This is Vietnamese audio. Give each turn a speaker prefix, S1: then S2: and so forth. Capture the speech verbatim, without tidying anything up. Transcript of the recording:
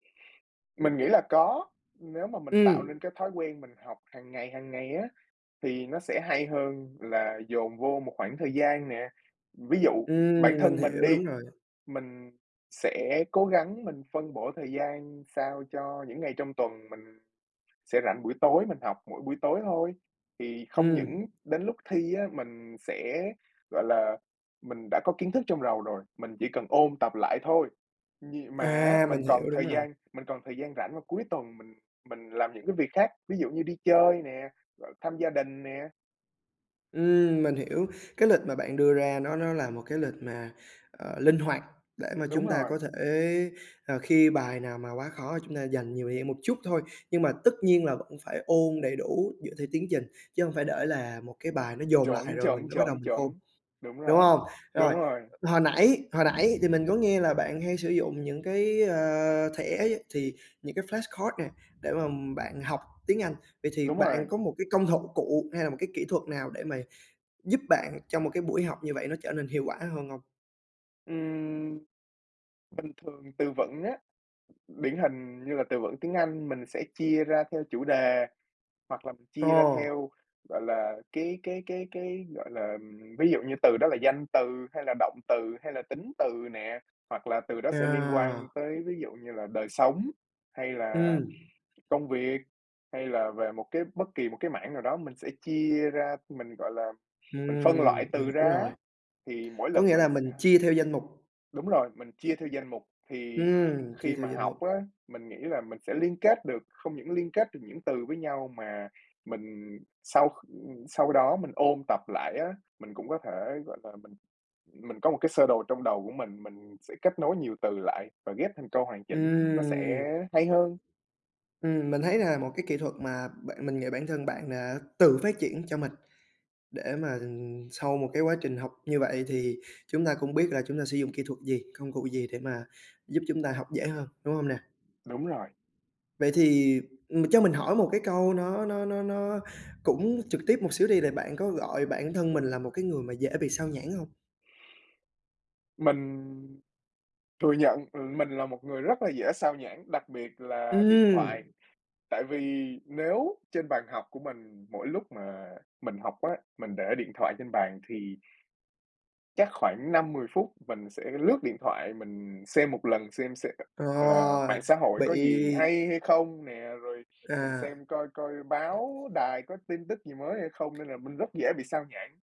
S1: Mình nghĩ là có, nếu mà mình tạo
S2: Ừm.
S1: nên cái thói quen mình học hàng ngày, hàng ngày á, thì nó sẽ hay hơn là dồn vô một khoảng thời gian nè. Ví dụ bản
S2: Ừm, mình
S1: thân mình
S2: hiểu,
S1: đi,
S2: đúng rồi.
S1: mình sẽ cố gắng mình phân bổ thời gian sao cho những ngày trong tuần mình sẽ rảnh buổi tối, mình học mỗi buổi tối thôi. Thì không
S2: Ừm.
S1: những đến lúc thi á, mình sẽ, gọi là mình đã có kiến thức trong đầu rồi, mình chỉ cần ôn tập lại thôi. Nhì mà á
S2: À.
S1: mình
S2: Mình
S1: còn
S2: hiểu, đúng
S1: thời
S2: rồi.
S1: gian mình còn thời gian rảnh vào cuối tuần mình mình làm những cái việc khác, ví dụ như đi chơi nè, rồi thăm gia đình nè.
S2: Ừm, mình hiểu, cái lịch mà bạn đưa ra nó nó là một cái lịch mà, ờ, linh hoạt để mà
S1: Đúng
S2: chúng ta
S1: rồi.
S2: có thể, à, khi bài nào mà quá khó chúng ta dành nhiều thời gian một chút thôi. Nhưng mà tất nhiên là vẫn phải ôn đầy đủ dựa theo tiến trình, chứ hông phải để là một cái bài nó dồn lại
S1: Chuẩn,
S2: rồi mình
S1: chuẩn,
S2: mới bắt đầu
S1: chuẩn,
S2: mình ôn,
S1: chuẩn. Đúng
S2: đúng
S1: rồi,
S2: hông? Rồi,
S1: đúng rồi.
S2: hồi nãy, hồi nãy thì mình có nghe là bạn hay sử dụng những cái, ờ, thẻ thì những cái flash card nè để mà bạn học tiếng Anh, vậy thì
S1: Đúng
S2: bạn
S1: rồi.
S2: có một cái công họng cụ hay là một cái kỹ thuật nào để mà giúp bạn cho một cái buổi học như vậy nó trở nên hiệu quả hơn hông?
S1: Ừm. Bình thường từ vựng á, điển hình như là từ vựng tiếng Anh mình sẽ chia ra theo chủ đề, hoặc là mình chia ra
S2: Ồ!
S1: theo, gọi là, cái cái cái cái, gọi là, ừm ví dụ như từ đó là danh từ hay là động từ hay là tính từ nè, hoặc là từ đó sẽ liên quan
S2: À.
S1: tới ví dụ như là đời sống, hay là
S2: Ừm.
S1: công việc, hay là về một cái bất kỳ một cái mảng nào đó mình sẽ chia ra, mình, gọi là, mình phân loại
S2: Ừm, mình
S1: từ
S2: hiểu
S1: ra á,
S2: rồi.
S1: thì mỗi
S2: Có
S1: lần
S2: nghĩa là
S1: mình sẽ
S2: mình chia theo danh mục?
S1: Đúng rồi, mình chia theo danh mục thì
S2: Ừm, chia
S1: khi
S2: theo
S1: mà
S2: danh
S1: học
S2: mục.
S1: á mình nghĩ là mình sẽ liên kết được, không những liên kết được những từ với nhau mà mình sau, ừm, sau đó mình ôn tập lại á, mình cũng có thể, gọi là, mình mình có một cái sơ đồ trong đầu của mình, mình sẽ kết nối nhiều từ lại và ghép thành câu hoàn chỉnh nó sẽ
S2: Ừm.
S1: hay hơn.
S2: Ừm, mình thấy là một cái kỹ thuật mà bạn mình nghĩ bản thân bạn đã tự phát triển cho mình, để mà sau một cái quá trình học như vậy thì chúng ta cũng biết là chúng ta sử dụng kỹ thuật gì, công cụ gì để mà giúp chúng ta học dễ hơn, đúng hông nè?
S1: Đúng rồi.
S2: Vậy thì, ừm, cho mình hỏi một cái câu nó nó nó nó cũng trực tiếp một xíu đi là bạn có gọi bản thân mình là một cái người mà dễ bị sao nhãng hông?
S1: Mình thừa nhận, ừ, mình là một người rất là dễ sao nhãng, đặc biệt là điện thoại.
S2: Ừm.
S1: Tại vì nếu trên bàn học của mình mỗi lúc mà mình học á, mình để điện thoại trên bàn thì chắc khoảng năm mười phút mình sẽ lướt điện thoại mình xem một lần, xem xe
S2: Ờ,
S1: là mạng xã hội
S2: bị
S1: có gì hay, hay không nè, rồi mình
S2: À.
S1: xem coi coi báo đài có tin tức gì mới hay không, nên là mình rất dễ bị sao nhãng.